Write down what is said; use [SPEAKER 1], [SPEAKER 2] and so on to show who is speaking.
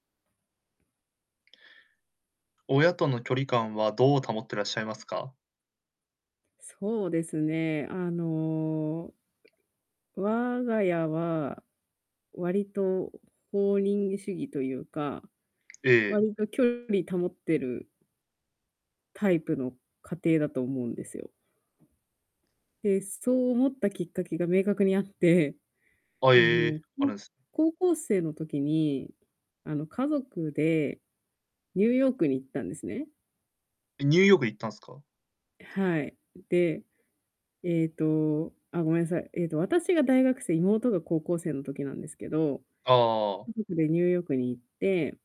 [SPEAKER 1] 親との距離感はどう保ってらっしゃいますか？
[SPEAKER 2] そうですね、あの我が家は、割と放任主義というか、
[SPEAKER 1] ええ。
[SPEAKER 2] 割と距離保ってるタイプの家庭だと思うんですよ。で、そう思ったきっかけが明確にあって。
[SPEAKER 1] あ、え
[SPEAKER 2] あの、
[SPEAKER 1] え、あ
[SPEAKER 2] こ
[SPEAKER 1] る
[SPEAKER 2] う
[SPEAKER 1] んす
[SPEAKER 2] 高校生の時に、あの、家族で、ニューヨークに行ったんですね。
[SPEAKER 1] え、ニューヨーク行ったんすか？
[SPEAKER 2] はい。で、えっと、あ、ごめんなさい。えっと、私が大学生、妹が高校生の時なんですけど、
[SPEAKER 1] ああああああ。
[SPEAKER 2] 家族でニューヨークに行って。